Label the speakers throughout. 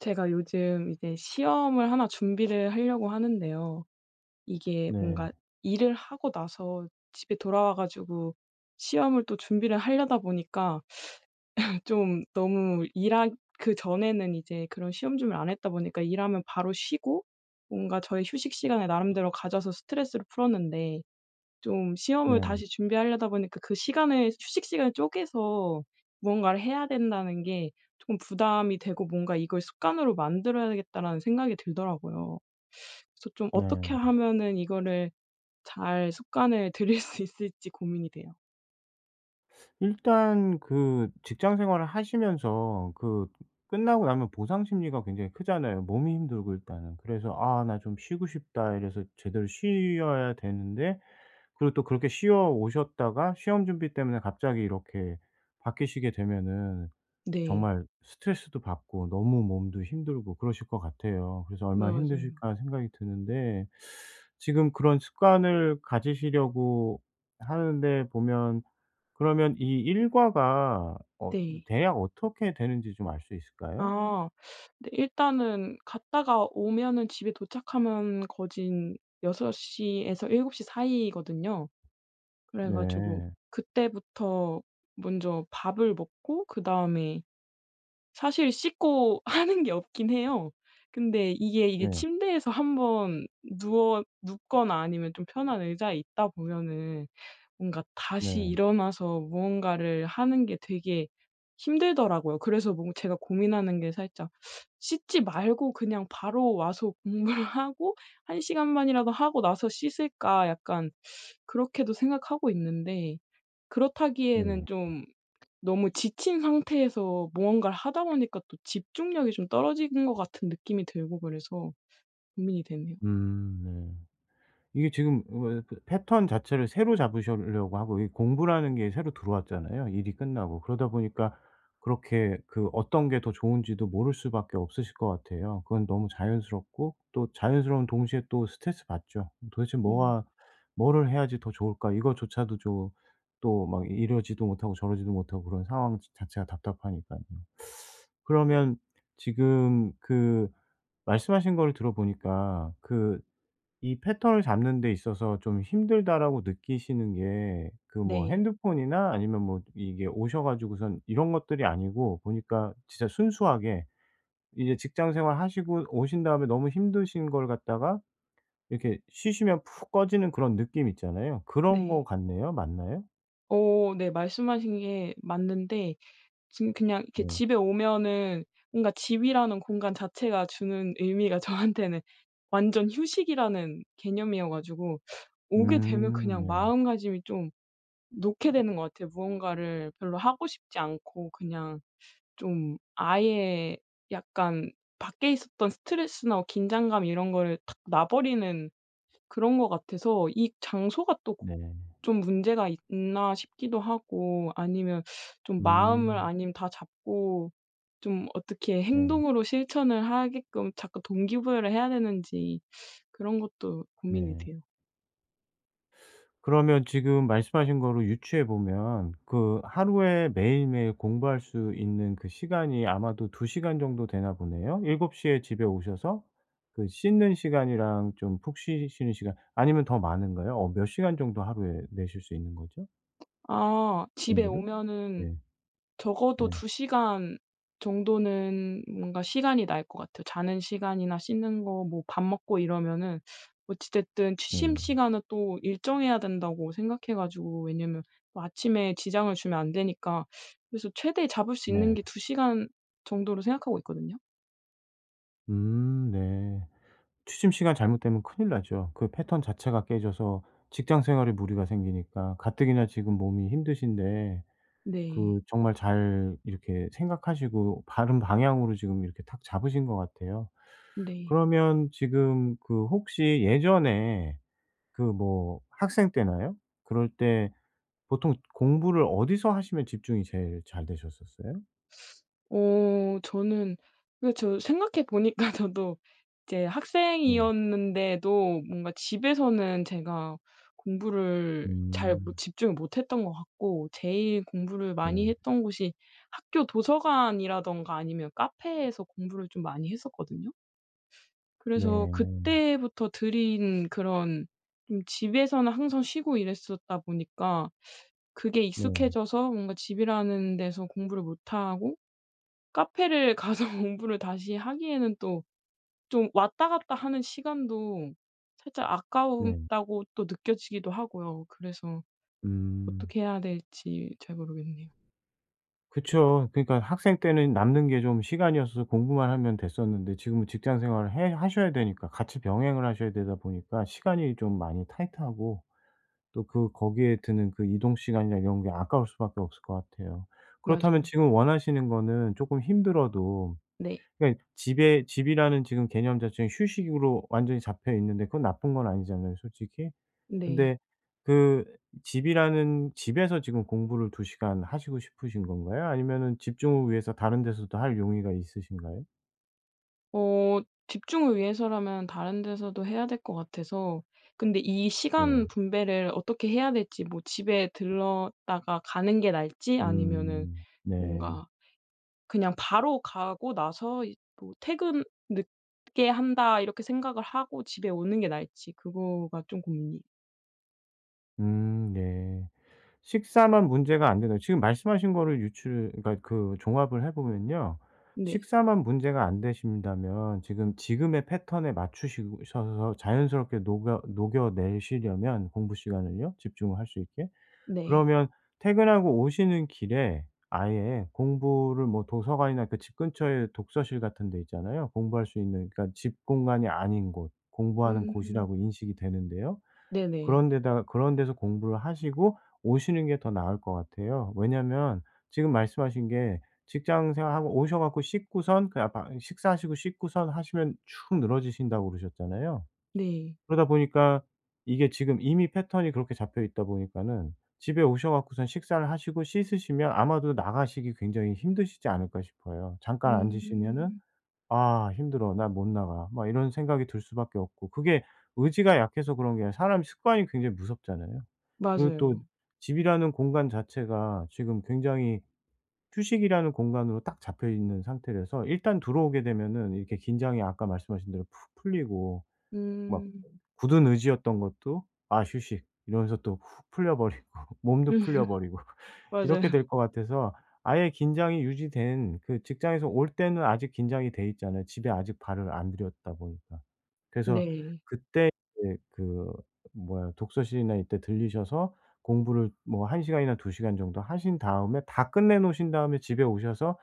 Speaker 1: 제가 요즘 이제 시험을 1 준비를 하려고 하는데요. 이게
Speaker 2: 네.
Speaker 1: 뭔가 일을 하고 나서 집에 돌아와 가지고 시험을 또 준비를 하려다 보니까 좀 너무 일하 그전에는 이제 그런 시험 준비를 안 했다 보니까 일 하면 바로 쉬고 뭔가 저의 휴식시간을 나름대로 가져서 스트레스를 풀었는데 좀 시험을
Speaker 2: 네.
Speaker 1: 다시 준비하려다 보니까 그 시간을 휴식시간을 쪼개서 무언가를 해야 된다는 게 쪼끔 부담이 되고 뭔가 '이걸 습관으로 만들어야 되겠다.'라는 생각이 들더라고요. 그래서 좀 어떻게
Speaker 2: 네.
Speaker 1: 하면은 이거를 잘 습관을 들일 수 있을지 고민이 돼요.
Speaker 2: 일단 그 직장 생활을 하시면서 그 끝나고 나면 보상 심리가 굉장히 크잖아요, 몸이 힘들고 일단은. 그래서 '아 나 좀 쉬고 싶다.' 이래서 제대로 쉬어야 되는데 그리고 또 그렇게 쉬어 오셨다가 시험 준비 때문에 갑자기 이렇게 바뀌시게 되면은
Speaker 1: 네.
Speaker 2: 정말 스트레스도 받고 너무 몸도 힘들고 그러실 것 같아요. 그래서
Speaker 1: 네.
Speaker 2: '얼마나
Speaker 1: 맞아요.
Speaker 2: 힘드실까?' 생각이 드는데 지금 그런 습관을 가지시려고 하는데 보면 그러면 이 일과가 어 이
Speaker 1: 네.
Speaker 2: 대략 어떻게 되는지 좀 알 수 있을까요?
Speaker 1: 아 근데 일단은 갔다가 오면은 집에 도착하면 거진 6:00 에서 7:00 사이거든요. 그래 가지고
Speaker 2: 네.
Speaker 1: 그때부터 먼저 밥을 먹고 그다음에 사실 씻고 하는 게 없긴 해요. 근데 이게 이게
Speaker 2: 네.
Speaker 1: 침대에서 1 번 누워 눕거나 아니면 좀 편한 의자에 있다 보면은 뭔가 다시
Speaker 2: 네.
Speaker 1: 일어나서 무언가를 하는 게 되게 힘들더라고요. 그래서 뭔가 제가 고민하는 게 살짝 씻지 말고 그냥 '바로 와서 공부를 하고 1 시간만이라도 하고 나서 씻을까?' 약간 그렇게도 생각하고 있는데 그렇다기에는
Speaker 2: 네.
Speaker 1: 좀 너무 지친 상태에서 무언가를 하다 보니까 또 집중력이 좀 떨어지는 것 같은 느낌이 들고 그래서 고민이 되네요.
Speaker 2: 음 네. 이게 지금 왜 그 패턴 자체를 새로 잡으시려고 하고 이게 공부라는 게 새로 들어왔잖아요, 일이 끝나고. 그러다 보니까 그렇게 그 어떤 게 더 좋은지도 모를 수밖에 없으실 것 같아요. 그건 너무 자연스럽고 또 자연스러운 동시에 또 스트레스 받죠. 도대체
Speaker 1: 음.
Speaker 2: 뭐가 '뭐를 해야지 더 좋을까?' 이거조차도 좀, 또 막 이러지도 못하고 저러지도 못하고 그런 상황 자 자체가 답답하니깐요. 그러면 지금 그 말씀하신 거를 들어 보니까 그 이 "패턴을 잡는 데 있어서 좀 힘들다."라고 느끼시는 게 그 뭐
Speaker 1: 네.
Speaker 2: 핸드폰이나 아니면 뭐 이게 오셔 가지고선 이런 것들이 아니고 보니까 진짜 순수하게 이제 직장 생활하시고 오신 다음에 너무 힘드신 걸 갖다가 이렇게 쉬시면 푹 꺼지는 그런 느낌 있잖아요. 그런 거
Speaker 1: 네.
Speaker 2: 같네요. 맞나요?
Speaker 1: 어 네. 말씀하신 게 맞는데 지금 그냥 이렇게
Speaker 2: 네.
Speaker 1: 집에 오면은 뭔가 집이라는 공간 자체가 주는 의미가 저한테는 완전 휴식이라는 개념이어 가지고 오게 되면
Speaker 2: 음
Speaker 1: 그냥
Speaker 2: 네.
Speaker 1: 마음가짐이 좀 놓게 되는 것 같아요. 무언가를 별로 하고 싶지 않고 그냥 좀 아예 약간 밖에 있었던 스트레스나 뭐 긴장감 이런 거를 탁 놔 버리는 그런 것 같아서 '이 장소가 또 고
Speaker 2: 네.
Speaker 1: 좀 문제가 있나?' 싶기도 하고 아니면 좀 마음을
Speaker 2: 음.
Speaker 1: 아님 다잡고 좀 어떻게
Speaker 2: 네.
Speaker 1: 행동으로 실천을 하게끔 자꾸 동기부여를 해야 되는지 그런 것도 고민이
Speaker 2: 네.
Speaker 1: 돼요.
Speaker 2: 그러면 지금 말씀하신 거를 유추해 보면 그 하루에 매일매일 공부할 수 있는 그 시간이 아마도 2 시간 정도 되나 보네요. 7 시에 집에 오셔서 그 씻는 시간이랑 좀 푹 쉬시는 시간 아니면 더 많은가요? 어 몇 시간 정도 하루에 내실 수 있는 거죠?
Speaker 1: 아 집에
Speaker 2: 공부를?
Speaker 1: 오면은
Speaker 2: 예.
Speaker 1: 적어도
Speaker 2: 네.
Speaker 1: 2 시간 정도는 뭔가 시간이 날 것 같아요. 자는 시간이나 씻는 거 뭐 밥 먹고 이러면은 어찌 됐든 취침
Speaker 2: 네.
Speaker 1: 시간은 또 일정해야 된다고 생각해 가지고 왜냐하면 뭐 아침에 지장을 주면 안 되니까 그래서 최대 잡을 수 있는
Speaker 2: 네.
Speaker 1: 게 2 시간 정도로 생각하고 있거든요.
Speaker 2: 음. 네. 취침 시간 잘못되면 큰일 나죠. 그 패턴 자체가 깨져서 직장 생활에 무리가 생기니까 가뜩이나 지금 몸이 힘드신데
Speaker 1: 네.
Speaker 2: 그 정말 잘 이렇게 생각하시고 바른 방향으로 지금 이렇게 탁 잡으신 것 같아요.
Speaker 1: 네.
Speaker 2: 그러면 지금 그 혹시 예전에 그 뭐 학생 때나요? 그럴 때 보통 공부를 어디서 하시면 집중이 제일 잘 되셨었어요?
Speaker 1: 어 저는 근데 저 생각해 보니까 저도 이제
Speaker 2: 네.
Speaker 1: 학생이었는데도 뭔가 집에서는 제가 공부를 잘 못
Speaker 2: 음.
Speaker 1: 집중을 못 했던 것 같고 제일 공부를 많이
Speaker 2: 네.
Speaker 1: 했던 곳이 학교 도서관이라든가 아니면 카페에서 공부를 좀 많이 했었거든요. 그래서
Speaker 2: 네.
Speaker 1: 그때부터 들인 그런 좀 집에서는 항상 쉬고 이랬었다 보니까 그게
Speaker 2: 네.
Speaker 1: 익숙해져서 뭔가 집이라는 데서 공부를 못하고 카페를 가서 공부를 다시 하기에는 또 좀 왔다 갔다 하는 시간도 살짝
Speaker 2: 네.
Speaker 1: 아까웠다고 또 느껴지기도 하고요. 그래서
Speaker 2: 음.
Speaker 1: 어떻게 해야 될지 잘 모르겠네요.
Speaker 2: 그쵸. 그러니까 학생 때는 남는 게 좀 시간이어서서 공부만 하면 됐었는데 지금은 직장 생활을 해 하셔야 되니까 같이 병행을 하셔야 되다 보니까 시간이 좀 많이 타이트하고 또 그 거기에 드는 그 이동 시간이나 이런 게 아까울 수밖에 없을 것 같아요. 그렇다면
Speaker 1: 맞아요.
Speaker 2: 지금 원하시는 거는 쪼끔 힘들어도
Speaker 1: 네.
Speaker 2: 그러니까 집에 집이라는 지금 개념 자체는 휴식으로 완전히 잡혀 있는데 그건 나쁜 건 아니잖아요 솔직히.
Speaker 1: 네.
Speaker 2: 근데 그 집이라는 집에서 지금 공부를 2 시간 하시고 싶으신 건가요? 아니면은 집중을 위해서 다른 데서도 할 용의가 있으신가요?
Speaker 1: 어 집중을 위해서라면 다른 데서도 해야 될 것 같아서 근데 이 시간
Speaker 2: 네.
Speaker 1: 분배를 어떻게 해야 될지 뭐 집에 들렀다가 가는 게 나을지? 아니면은
Speaker 2: 음. 네.
Speaker 1: 뭔가 그냥 바로 가고 나서 이 뭐 '퇴근 늦게 한다.' 이렇게 생각을 하고 집에 오는 게 나을지. 그거가 좀 고민이
Speaker 2: 음 네. 식사만 문제가 안 된다면 지금 말씀하신 거를 유추를 그러니까 그 종합을 해 보면요.
Speaker 1: 네.
Speaker 2: 식사만 문제가 안 되신다면 지금 지금의 패턴에 맞추시 셔서 자연스럽게 녹여 녹여 내시려면 공부 시간을요 집중을 할 수 있게.
Speaker 1: 네.
Speaker 2: 그러면 퇴근하고 오시는 길에 아예 공부를 뭐 도서관이나 그 집 근처에 독서실 같은 데 있잖아요? 공부할 수 있는 그러니까 집 공간이 아닌 곳. 공부하는
Speaker 1: 음.
Speaker 2: 곳이라고 인식이 되는데요.
Speaker 1: 네네.
Speaker 2: 그런 데다가 그런 데서 공부를 하시고 오시는 게 더 나을 것 같아요. 왜냐하면 지금 말씀하신 게 직장 생활하고 오셔 갖고 씻고선 그냥 방 식사하시고 씻고선 하시면 축 늘어지신다고 그러셨잖아요?
Speaker 1: 네.
Speaker 2: 그러다 보니까 이게 지금 이미 패턴이 그렇게 잡혀 있다 보니까는 집에 오셔 갖고선 식사를 하시고 씻으시면 아마도 나가시기 굉장히 힘드시지 않을까 싶어요. 잠깐 앉으시면은
Speaker 1: 음.
Speaker 2: '아 힘들어. 나 못 나가.' 막 이런 생각이 들 수밖에 없고. 그게 의지가 약해서 그런 게 아니라 사람 습관이 굉장히 무섭잖아요. 그리고 또
Speaker 1: 맞아요.
Speaker 2: 집이라는 공간 자체가 지금 굉장히 휴식이라는 공간으로 딱 잡혀 있는 상태라서 일단 들어오게 되면은 이렇게 긴장이 아까 말씀하신 대로 푹 풀리고 막
Speaker 1: 음.
Speaker 2: 굳은 의지였던 것도 '아 휴식.' 이러면서 또 훅 풀려 버리고 몸도
Speaker 1: 음
Speaker 2: 풀려 버리고
Speaker 1: 맞아요.
Speaker 2: 이렇게 될 거 같아서 아예 긴장이 유지된 그 직장에서 올 때는 아직 긴장이 돼 있잖아요 집에 아직 발을 안 들였다 보니까. 그래서
Speaker 1: 네.
Speaker 2: 그때 이제 그 뭐야 독서실이나 이때 들리셔서 공부를 뭐 1 시간이나 2 시간 정도 하신 다음에 다 끝내 놓으신 다음에 집에 오셔서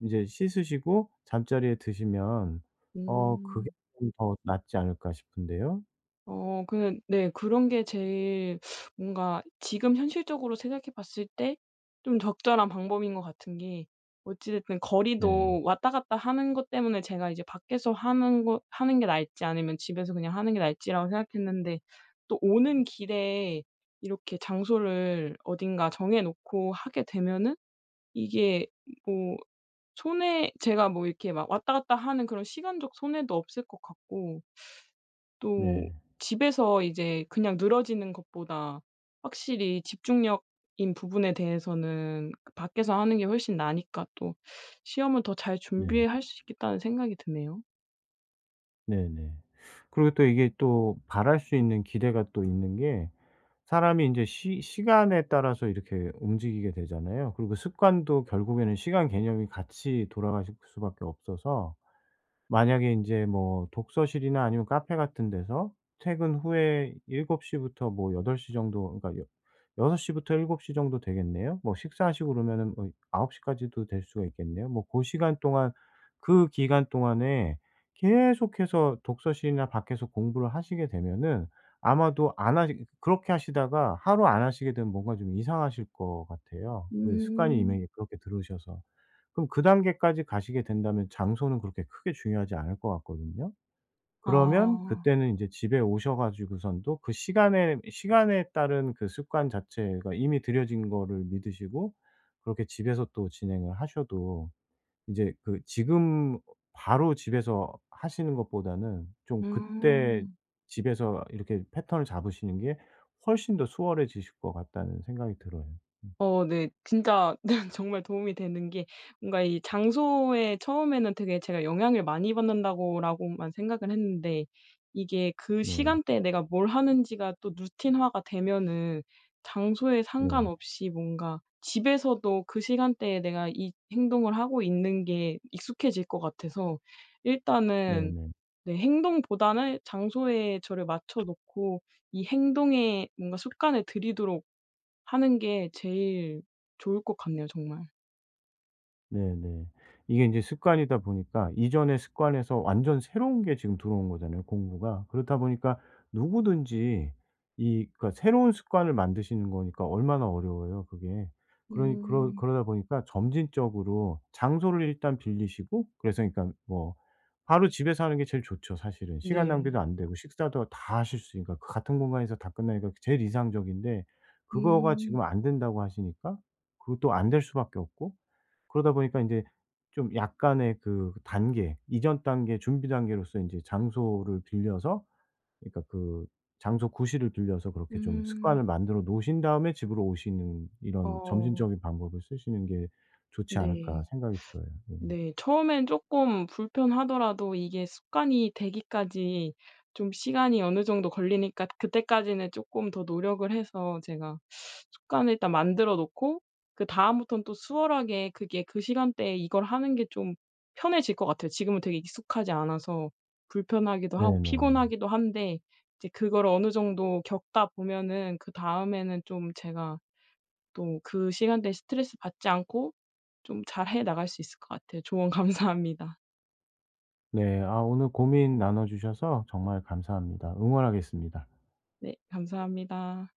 Speaker 2: 인제 씻으시고 잠자리에 드시면 어 그게
Speaker 1: 음.
Speaker 2: 좀 더 낫지 않을까 싶은데요?
Speaker 1: 어 그냥 네 그런 게 제일 뭔가 지금 현실적으로 생각해 봤을 때 좀 적절한 방법인 것 같은 게 어찌 됐든
Speaker 2: 네.
Speaker 1: 거리도 왔다 갔다 하는 것 때문에 제가 이제 밖에서 하는 거 하는 게 나을지 아니면 집에서 그냥 하는 게 나을지라고 생각했는데 또 오는 길에 이렇게 장소를 어딘가 정해 놓고 하게 되면은 이게 뭐 손해 제가 뭐 이렇게 막 왔다 갔다 하는 그런 시간적 손해도 없을 것 같고 또
Speaker 2: 네.
Speaker 1: 집에서 이제 그냥 늘어지는 것보다 확실히 집중력인 부분에 대해서는 그 밖에서 하는 게 훨씬 나으니까 또 '시험은 더 잘
Speaker 2: 네.
Speaker 1: 준비할 수 있겠다.'는 생각이 드네요.
Speaker 2: 네네. 그리고 또 이게 또 바랄 수 있는 기대가 또 있는 게 사람이 인제 시 시간에 따라서 이렇게 움직이게 되잖아요. 그리고 습관도 결국에는 시간 개념이 같이 돌아가실 수밖에 없어서 만약에 인제 뭐 독서실이나 아니면 카페 같은 데서 퇴근 후에 7:00 부터 뭐 8:00 정도 그러니까 여 여섯 시부터 7:00 정도 되겠네요. 뭐 식사하시고 그러면은 뭐 9:00 까지도 될 수가 있겠네요. 뭐 고 시간 동안 그 기간 동안에 계속해서 독서실이나 밖에서 공부를 하시게 되면은 아마도 안 하니 그렇게 하시다가 하루 안 하시게 되면 뭔가 좀 이상하실 것 같아요 그 습관이
Speaker 1: 음.
Speaker 2: 이미 그렇게 들으셔서. 그럼 그 단계까지 가시게 된다면 장소는 그렇게 크게 중요하지 않을 것 같거든요? 그러면
Speaker 1: 아.
Speaker 2: 그때는 이제 집에 오셔가지고선도 그 시간에, 시간에 따른 그 습관 자체가 이미 들여진 거를 믿으시고 그렇게 집에서 또 진행을 하셔도 이제 그 지금 바로 집에서 하시는 것보다는 좀 그때
Speaker 1: 아.
Speaker 2: 집에서 이렇게 패턴을 잡으시는 게 훨씬 더 수월해지실 것 같다는 생각이 들어요. 음.
Speaker 1: 어 네. 진짜 정말 도움이 되는 게 뭔가 이 '장소에 처음에는 되게 제가 영향을 많이 받는다.'고라고만 생각을 했는데 이게 그
Speaker 2: 네.
Speaker 1: 시간대에 내가 뭘 하는지가 또 루틴화가 되면은 장소에
Speaker 2: 네.
Speaker 1: 상관없이 뭔가 집에서도 그 시간대에 내가 이 행동을 하고 있는 게 익숙해질 것 같아서 일단은
Speaker 2: 네네.
Speaker 1: 내 행동보다는 장소에 저를 맞춰 놓고 이 행동에 뭔가 습관을 들이도록 하는 게 제일 좋을 것 같네요 정말.
Speaker 2: 네네. 이게 인제 습관이다 보니까 이전의 습관에서 완전 새로운 게 지금 들어온 거잖아요 공부가. 그렇다 보니까 누구든지 이 그러니까 새로운 습관을 만드시는 거니까 얼마나 어려워요 그게. 그러니 그러
Speaker 1: 음.
Speaker 2: 그러다 보니까 점진적으로 장소를 일단 빌리시고 그래서 일단 뭐 바로 집에서 하는 게 제일 좋죠 사실은 시간
Speaker 1: 네.
Speaker 2: 낭비도 안 되고 식사도 다 하실 수 있으니까. 그 같은 공간에서 다 끝내니까 제일 이상적인데 그거가
Speaker 1: 음.
Speaker 2: 지금 안 된다고 하시니까 그것도 안 될 수밖에 없고 그러다 보니까 인제 좀 약간의 그 단계, 이전 단계, 준비 단계로서 인제 장소를 빌려서 그러니까 그 장소 구실을 빌려서 그렇게 좀
Speaker 1: 음.
Speaker 2: 습관을 만들어 놓으신 다음에 집으로 오시는 '이런
Speaker 1: 어.
Speaker 2: 점진적인 방법을 쓰시는 게 좋지 않을까.'
Speaker 1: 네.
Speaker 2: 생각이 들어요. 예.
Speaker 1: 네. 처음엔 쪼끔 불편하더라도 이게 습관이 되기까지 좀 시간이 어느 정도 걸리니까 그때까지는 쪼끔 더 노력을 해서 제가 습관을 일단 만들어 놓고 그다음부터는 또 수월하게 그게 그 시간대에 이걸 하는 게 좀 편해질 것 같아요. 지금은 되게 익숙하지 않아서 불편하기도 하고
Speaker 2: 네네.
Speaker 1: 피곤하기도 한데 이제 그거를 어느 정도 겪다 보면은 그다음에는 좀 제가 또 그 시간대에 스트레스받지 않고 좀 잘 해 나갈 수 있을 것 같아요. 조언 감사합니다.
Speaker 2: 네. 아 오늘 고민 나눠 주셔서 정말 감사합니다. 응원하겠습니다.
Speaker 1: 네 감사합니다.